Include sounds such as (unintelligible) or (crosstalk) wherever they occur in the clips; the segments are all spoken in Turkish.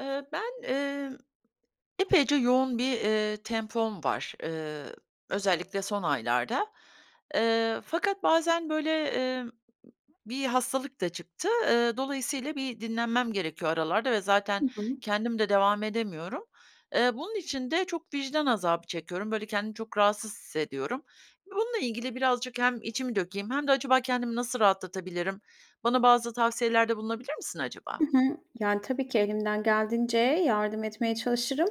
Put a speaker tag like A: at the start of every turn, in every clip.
A: Eee, ben, emm, epeyce yoğun bir, eee, tempom var, ııı, özellikle son aylarda. Eee, fakat bazen, böyle, emm bir hastalık da çıktı. Eee, dolayısıyla bir dinlenmem gerekiyor aralarda ve
B: Hı
A: zaten
B: hı.
A: kendim de devam edemiyorum. Eee, bunun için de çok vicdan azabı çekiyorum. Böyle, kendimi çok rahatsız hissediyorum. Bununla ilgili birazcık hem içimi dökeyim hem de acaba kendimi nasıl rahatlatabilirim? Bana bazı tavsiyelerde bulunabilir misin,
B: Hı
A: acaba?
B: hı, yani, tabii ki elimden geldiğince yardım etmeye çalışırım.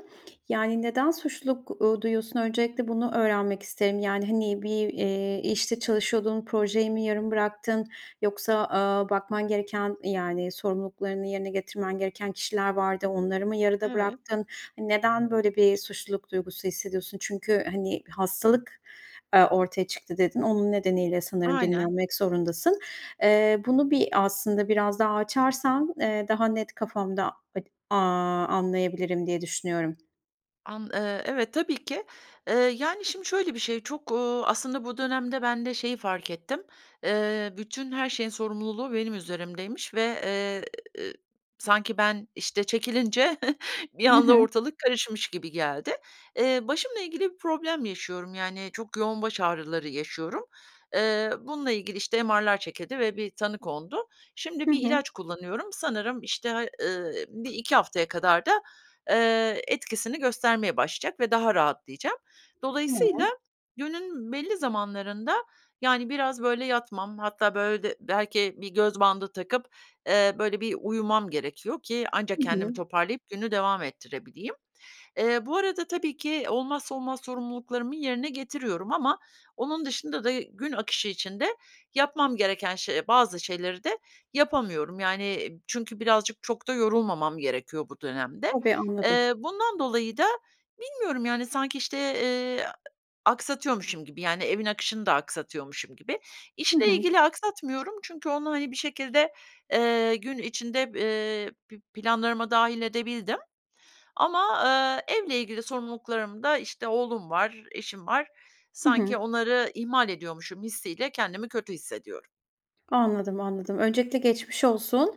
B: Yani, neden suçluluk, ııı, duyuyorsun? Öncelikle bunu öğrenmek isterim. Yani, hani bir, eee, işte çalışıyordun, projeyi mi yarım bıraktın, yoksa, aaa, bakman gereken, yani sorumluluklarını yerine getirmen gereken kişiler vardı, onları mı yarıda
A: Evet.
B: bıraktın? Neden böyle bir suçluluk duygusu hissediyorsun? Çünkü hani, "Hastalık, aaa, ortaya çıktı." dedin. Onun nedeniyle sanırım
A: Aynen.
B: dinlenmek zorundasın. Eee, bunu bir aslında biraz daha açarsan, eee, daha net kafamda ad aaa, anlayabilirim diye düşünüyorum.
A: An eee, evet, tabii ki. Eee, yani, şimdi şöyle bir şey, çok, uuu, aslında bu dönemde ben de şeyi fark ettim. Eee, bütün her şeyin sorumluluğu benim üzerimdeymiş ve, eee, sanki ben, işte, çekilince (chuckles) bir
B: Hı
A: anda
B: hı.
A: ortalık karışmış gibi geldi. Eee, başımla ilgili bir problem yaşıyorum, yani, çok yoğun baş ağrıları yaşıyorum. Eee, bununla ilgili, işte, MR'lar çekildi ve bir tanı kondu. Şimdi
B: Hı
A: bir
B: hı.
A: ilaç kullanıyorum. Sanırım, işte, ııı, 1-2 haftaya kadar da, eee, etkisini göstermeye başlayacak ve daha rahatlayacağım. Dolayısıyla
B: Tamam.
A: günün belli zamanlarında, yani, biraz, böyle, yatmam, hatta böyle de belki bir göz bandı takıp, eee, böyle, bir uyumam gerekiyor ki
B: Hı
A: ancak kendimi
B: hı.
A: toparlayıp günü devam ettirebileyim. Eee, bu arada tabii ki olmazsa olmaz sorumluluklarımı yerine getiriyorum ama onun dışında da gün akışı içinde yapmam gereken şe bazı şeyleri de yapamıyorum, yani çünkü birazcık çok da yorulmamam gerekiyor bu dönemde.
B: Tabii, anladım.
A: Eee, bundan dolayı da bilmiyorum, yani, sanki, işte, eee, a aksatıyormuşum gibi yani, evin akışını da aksatıyormuşum gibi.
B: Hı
A: İşle
B: hı.
A: ilgili aksatmıyorum çünkü onu, hani, bir şekilde, eee, gün içinde, eee, pi planlarıma dâhil edebildim. Ama, eee, evle ilgili sorumluluklarımda, işte, oğlum var, eşim var.
B: Hı
A: Sanki
B: hı.
A: onları ihmal ediyormuşum hissiyle kendimi kötü hissediyorum.
B: Anladım, anladım. Öncelikle geçmiş olsun.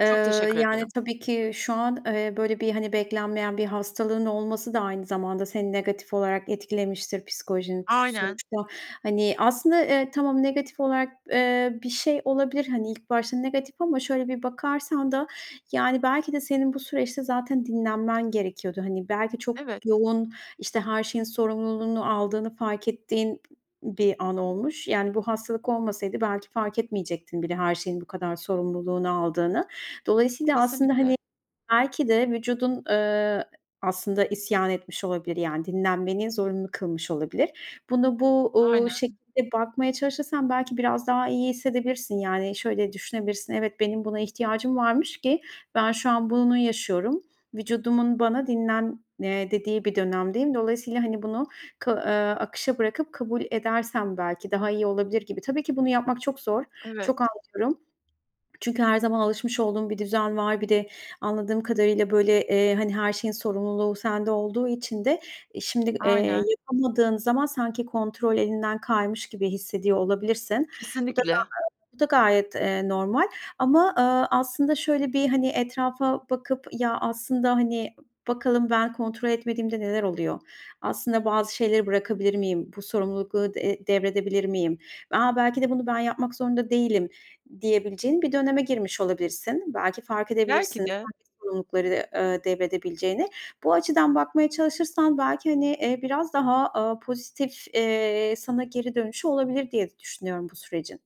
B: Eee,
A: Çok teşekkür
B: yani,
A: ederim.
B: tabii ki şu an, eee, böyle, bir, hani, beklenmeyen bir hastalığın olması da aynı zamanda seni negatif olarak etkilemiştir, psikolojini
A: Aynen.
B: sonuçta. Hani, aslında, eee, tamam negatif olarak, eee, bir şey olabilir, hani, ilk başta negatif ama şöyle bir bakarsan da yani, belki de senin bu süreçte zaten dinlenmen gerekiyordu. Hani, belki çok
A: Evet.
B: yoğun, işte, her şeyin sorumluluğunu aldığını fark ettiğin bir an olmuş. Yani, bu hastalık olmasaydı belki fark etmeyecektin bile her şeyin bu kadar sorumluluğunu aldığını. Dolayısıyla aslında,
A: Kesinlikle.
B: hani, belki de vücudun, eee, aslında isyan etmiş olabilir, yani, dinlenmeni zorunlu kılmış olabilir. Bunu bu, uuu,
A: Aynen.
B: şekilde bakmaya çalışırsan belki biraz daha iyi hissedebilirsin. Yani, şöyle düşünebilirsin, "Evet, benim buna ihtiyacım varmış ki ben şu an bunu yaşıyorum." Vücudumun bana, "Dinlen," eee, dediği bir dönemdeyim. Dolayısıyla, hani, bunu kı eee, akışa bırakıp kabul edersem belki daha iyi olabilir gibi. Tabii ki bunu yapmak çok zor.
A: Evet.
B: Çok anlıyorum. Çünkü her zaman alışmış olduğun bir düzen var. Bir de anladığım kadarıyla, böyle, eee, hani, her şeyin sorumluluğu sende olduğu için de şimdi, eee,
A: Aynen.
B: yapamadığın zaman sanki kontrol elinden kaymış gibi hissediyor olabilirsin. Bu da
A: Kesinlikle.
B: gayet bu da gayet, eee, normal. Ama, ııı, aslında şöyle bir, hani, etrafa bakıp, "Ya, aslında, hani, bakalım ben kontrol etmediğimde neler oluyor, aslında bazı şeyleri bırakabilir miyim, bu sorumlulukları, eee, devredebilir miyim?" "A, belki de bunu ben yapmak zorunda değilim," diyebileceğin bir döneme girmiş olabilirsin. Belki fark edebilirsin
A: Belki de.
B: hangi sorumlulukları, ııı, devredebileceğine. Bu açıdan bakmaya çalışırsan belki, hani, eee, biraz daha, aaa, pozitif, eee, sana geri dönüşü olabilir de diye düşünüyorum bu sürecin.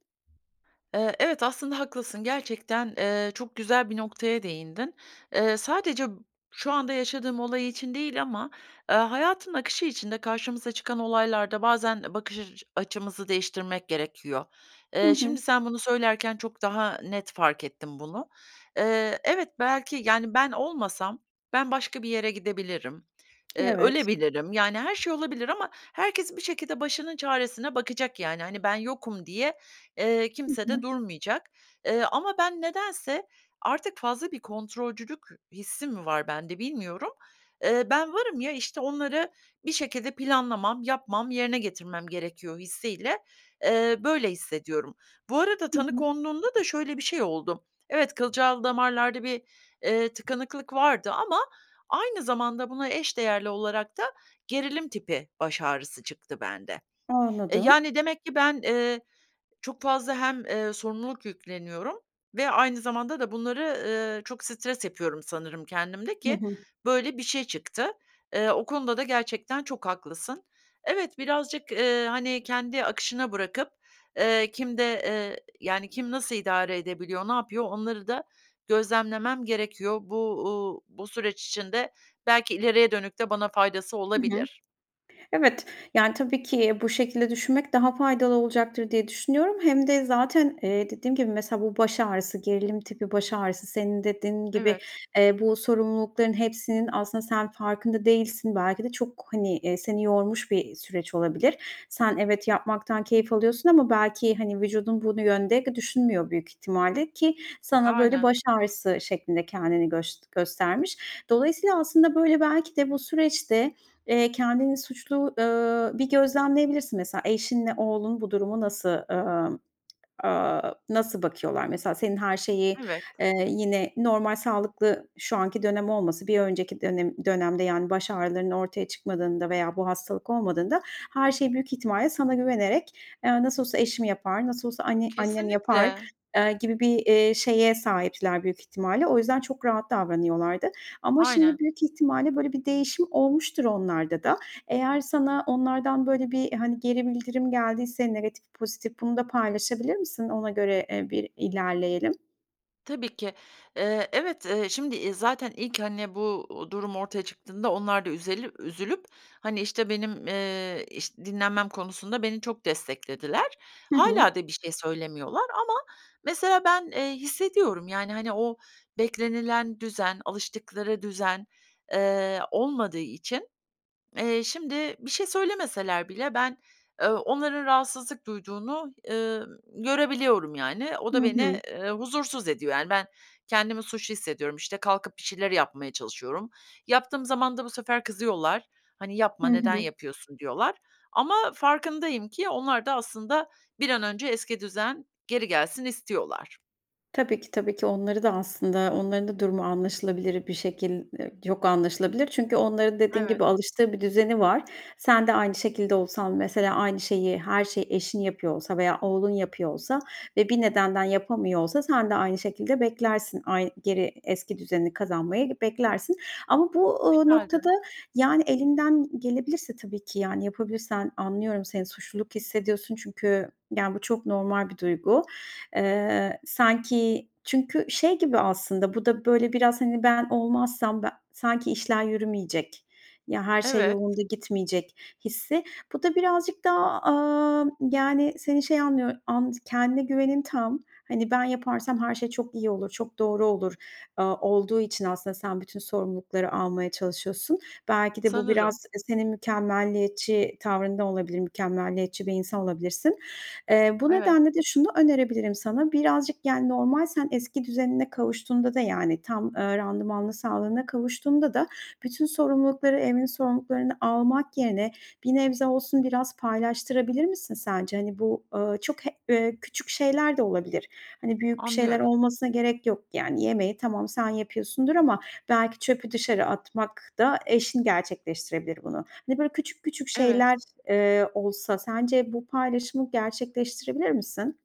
A: Eee, evet aslında haklısın, gerçekten, eee, çok güzel bir noktaya değindin. Eee, sadece b şu anda yaşadığım olay için değil ama, eee, hayatın akışı içinde karşımıza çıkan olaylarda bazen e bakış açı açımızı değiştirmek gerekiyor.
B: Hı
A: Eee,
B: hı.
A: şimdi sen bunu söylerken çok daha net fark ettim bunu. Eee, evet, belki, yani, ben olmasam ben başka bir yere gidebilirim, eee,
B: Evet.
A: ölebilirim, yani, her şey olabilir ama herkes bir şekilde başının çaresine bakacak, yani. Hani, ben yokum diye, eee,
B: Hı
A: kimse de
B: hı.
A: durmayacak. Eee, ama ben nedense, artık fazla bir kontrolcülük hissim mi var bende bilmiyorum. Eee, ben varım, ya, işte, onları bir şekilde planlamam, yapmam, yerine getirmem gerekiyor hissiyle, eee, böyle hissediyorum. Bu arada
B: Hı
A: tanı
B: hı.
A: konduğunda da şöyle bir şey oldu. Evet, kılcal damarlarda bir, eee, tıkanıklık vardı ama aynı zamanda buna eş değerli olarak da gerilim tipi baş ağrısı çıktı bende. E,
B: Anladım.
A: yani, demek ki ben, eee, çok fazla hem, eee, sorumluluk yükleniyorum ve aynı zamanda da bunları, ııı, çok stres yapıyorum sanırım kendimde
B: Hı
A: ki
B: hı.
A: böyle bir şey çıktı. Eee, o konuda da gerçekten çok haklısın. Evet, birazcık, eee, hani, kendi akışına bırakıp, eee, kimde, eee, yani, kim nasıl idare edebiliyor, ne yapıyor, onları da gözlemlemem gerekiyor. Bu, uuu, bu süreç içinde belki ileriye dönük de bana faydası
B: Hı hı.
A: olabilir.
B: Evet, yani, tabii ki bu şekilde düşünmek daha faydalı olacaktır diye düşünüyorum. Hem de zaten, eee, dediğim gibi mesela, bu baş ağrısı, gerilim tipi baş ağrısı senin dediğin gibi,
A: Evet.
B: eee, bu sorumlulukların hepsinin aslında sen farkında değilsin. Belki de çok, hani, eee, seni yormuş bir, iii, süreç olabilir. Sen, evet, yapmaktan keyif alıyorsun ama belki, hani, vücudun bu yönde düşünmüyor büyük ihtimalle ki sana böyle
A: Aynen.
B: baş ağrısı şeklinde kendini göst göstermiş. Dolayısıyla aslında, böyle, belki de bu süreçte, eee, kendini suçlu ııı, bir gözlemleyebilirsin. Mesela, eşinle oğlun bu durumu nasıl, ııı, aaa, nasıl bakıyorlar? Mesela, senin her şeyi,
A: Evet.
B: eee, yine normal sağlıklı şu anki dönem olmasın, bir önceki dönem dönemde, yani, baş ağrılarının ortaya çıkmadığında veya bu hastalık olmadığında her şey büyük ihtimalle sana güvenerek, eee, "Nasıl olsa eşim yapar, nasıl olsa anne annem yapar,"
A: Kesinlikle.
B: eee, gibi bir, eee, şeye sahipler büyük ihtimalle. O yüzden çok rahat davranıyorlardı ama
A: Aynen.
B: şimdi büyük ihtimalle, böyle, bir değişim olmuştur onlarda da. Eğer sana onlardan, böyle, bir, hani, geri bildirim geldiyse, negatif pozitif, bunu da paylaşabilir misin? Ona göre, eee, bir i lerleyelim.
A: Tabii ki. Eee, evet, ııı, şimdi, iii, zaten ilk, hani, bu, uuu, durum ortaya çıktığında onlar da üzeli üzülüp, hani, işte, benim, eee, iş dinlenmem konusunda beni çok desteklediler.
B: Hı hı.
A: Hâlâ da bir şey söylemiyorlar ama mesela ben, eee, hissediyorum. Yani, hani, o beklenilen düzen, alıştıkları düzen, eee, olmadığı için, eee, şimdi bir şey söylemeseler bile ben, eee, onların rahatsızlık duyduğunu, ııı, görebiliyorum yani. O da
B: Hı hı.
A: beni, eee, huzursuz ediyor, yani. Ben kendimi suçlu hissediyorum. İşte, kalkıp bir şeyler yapmaya çalışıyorum. Yaptığım zaman da bu sefer kızıyorlar. Hani,
B: Hı
A: "Yapma. Neden
B: hı.
A: yapıyorsun?" diyorlar. Ama farkındayım ki onlar da aslında bir an önce eski düzen geri gelsin istiyorlar.
B: Tabii ki, tabii ki. Onları da aslında onların da durumu anlaşılabilir bir şekil, eee (unintelligible) anlaşılabilir. Çünkü onların dediğin
A: Evet.
B: gibi alıştığı bir düzeni var. Sen de aynı şekilde olsan, mesela aynı şeyi, her şeyi eşin yapıyor olsa veya oğlun yapıyor olsa ve bir nedenden yapamıyor olsa, sen de aynı şekilde beklersin; ay geri eski düzenini kazanmayı beklersin. Ama bu, ııı,
A: Herhâlde.
B: noktada, yani, elinden gelebilirse tabii ki, yani yapabilirsen. Anlıyorum seni suçluluk hissediyorsun çünkü, yani, bu çok normal bir duygu. Eee, sanki çünkü şey gibi aslında bu da, böyle, biraz hani ben olmazsam be sanki işler yürümeyecek, ya her şey
A: Evet.
B: yolunda gitmeyecek hissi. Bu da birazcık daha, aaa, yani, seni şey anlıyor and kendine güvenin tam. Hani "Ben yaparsam her şey çok iyi olur, çok doğru olur." aaa, olduğu için aslında sen bütün sorumlulukları almaya çalışıyorsun. Belki de bu
A: Sanırım.
B: biraz, eee, senin mükemmeliyetçi tavrında olabilir. Mükemmeliyetçi bir insan olabilirsin. Eee, bu
A: Evet.
B: nedenle de şunu önerebilirim sana: Birazcık, yani, normal sen eski düzenine kavuştuğunda da yani tam, ııı, randımanlı sağlığına kavuştuğunda da bütün sorumlulukları, evin sorumluluklarını almak yerine, bir nebze olsun biraz paylaştırabilir misin sence? Hani, bu, ııı, çok he eee, küçük şeyler de olabilir. Hani, büyük bir şeyler
A: Anlıyorum.
B: olmasına gerek yok. Yani, yemeği tamam, sen yapıyorsundur ama belki çöpü dışarı atmak da eşin gerçekleştirebilir bunu. Hani, böyle küçük küçük
A: Evet.
B: şeyler, eee, olsa sence bu paylaşımı gerçekleştirebilir misin?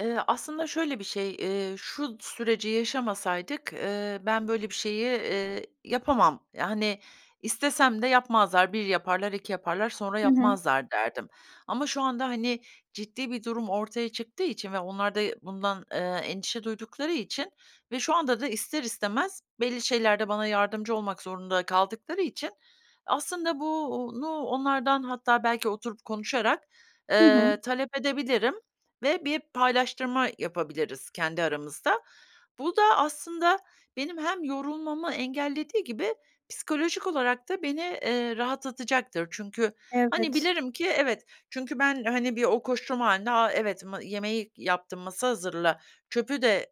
A: Iıı, aslında şöyle bir şey, eee, şu süreci yaşamasaydık, ııı, ben böyle bir şeyi, ııı, yapamam, ya, hani, istesem de yapmazlar. 1 yaparlar, 2 yaparlar, sonra
B: Hı hı.
A: yapmazlar, derdim. Ama şu anda, hani, ciddi bir durum ortaya çıktığı için ve onlar da, ııı, bundan, ııı, endişe duydukları için ve şu anda da ister istemez belli şeylerde bana yardımcı olmak zorunda kaldıkları için aslında bu uuu, nu onlardan hatta belki oturup konuşarak,
B: Hı hı.
A: ııı, talep edebilirim ve bir paylaştırma yapabiliriz kendi aramızda. Bu da aslında benim hem yorulmamı engellediği gibi psikolojik olarak da beni, eee, rahatlatacaktır. Çünkü, hani,
B: Evet.
A: bilirim ki evet çünkü ben, hani, bir o koşturma hâlinde, "A, evet ma yemeği yaptım, masa hazırla, çöpü de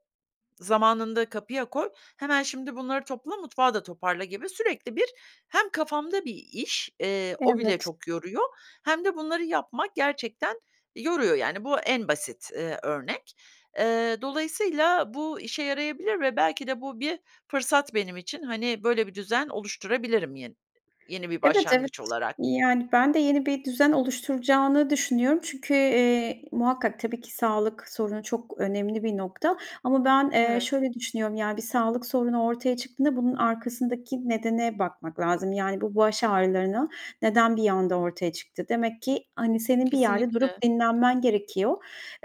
A: zamanında kapıya koy, hemen şimdi bunları topla, mutfağı da toparla." gibi sürekli bir hem kafamda bir iş, eee, o bile
B: Evet.
A: çok yoruyor, hem de bunları yapmak gerçekten yoruyor, yani, bu en basit, ııı, örnek. Eee, dolayısıyla bu işe yarayabilir ve belki de bu bir fırsat benim için. Hani, böyle bir düzen oluşturabilirim yen yeni bir
B: Evet, evet.
A: başlangıç olarak.
B: Yani, ben de yeni bir düzen oluşturacağını düşünüyorum. Çünkü, eee, muhakkak, tabii ki sağlık sorunu çok önemli bir nokta ama, eee, ben
A: Evet.
B: şöyle düşünüyorum; ya, bir sağlık sorunu ortaya çıktığında bunun arkasındaki nedene bakmak lazım. Yani, bu baş ağrılarına neden bir anda ortaya çıktı? Demek ki, hani, senin bir yerde durup
A: Kesinlikle.
B: dinlenmen gerekiyor,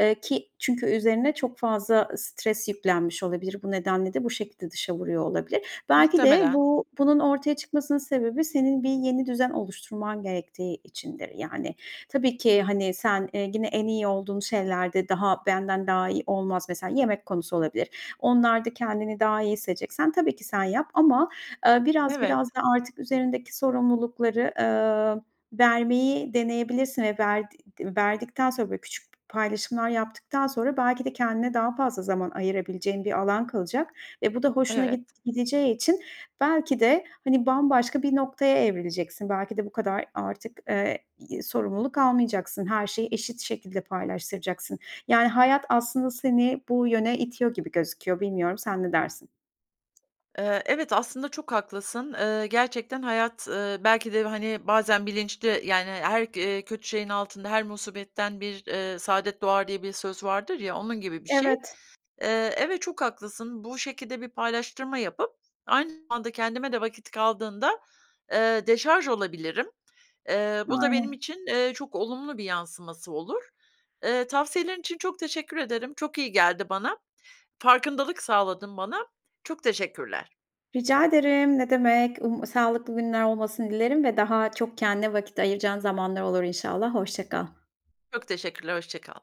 B: ııı, ki çünkü üzerine çok fazla stres yüklenmiş olabilir. Bu nedenle de bu şekilde dışa vuruyor olabilir. Belki de
A: Muhtemelen.
B: bu bunun ortaya çıkmasının sebebi senin bir yeni düzen oluşturman gerektiği içindir, yani. Tabii ki, hani, sen, eee, gene en iyi olduğun şeylerde daha benden daha iyi olmaz -mesela yemek konusu olabilir. Onlarda kendini daha iyi hissedeceksen tabii ki sen yap ama, ııı, biraz
A: Evet.
B: biraz da artık üzerindeki sorumlulukları, ııı, vermeyi deneyebilirsin ve verdi verdikten sonra böyle küçük p paylaşımlar yaptıktan sonra belki de kendine daha fazla zaman ayırabileceğin bir alan kalacak ve bu da hoşuna git
A: Evet.
B: gideceği için belki de, hani, bambaşka bir noktaya evrileceksin. Belki de bu kadar artık, ııı, sorumluluk almayacaksın. Her şeyi eşit şekilde paylaştıracaksın. Yani, hayat aslında seni bu yöne itiyor gibi gözüküyor. Bilmiyorum sen ne dersin?
A: Eee, evet, aslında çok haklısın. Eee, gerçekten hayat, eee, belki de, hani, bazen bilinçli, yani, her, eee, kötü şeyin altında her musibetten bir, ııı, saadet doğar diye bir söz vardır ya, onun gibi bir şey.
B: Evet.
A: Eee, evet, çok haklısın. Bu şekilde bir paylaştırma yapıp aynı zamanda kendime de vakit kaldığında, eee, deşarj olabilirim. Eee, bu da benim
B: Aynen.
A: için, ııı, çok olumlu bir yansıması olur. Eee, tavsiyelerin için çok teşekkür ederim. Çok iyi geldi bana. Farkındalık sağladın bana. Çok teşekkürler.
B: Rica ederim, ne demek. Um sağlıklı günler olmasını dilerim ve daha çok kendine vakit ayıracağın zamanlar olur inşallah. Hoşça kal.
A: Çok teşekkürler, hoşça kal.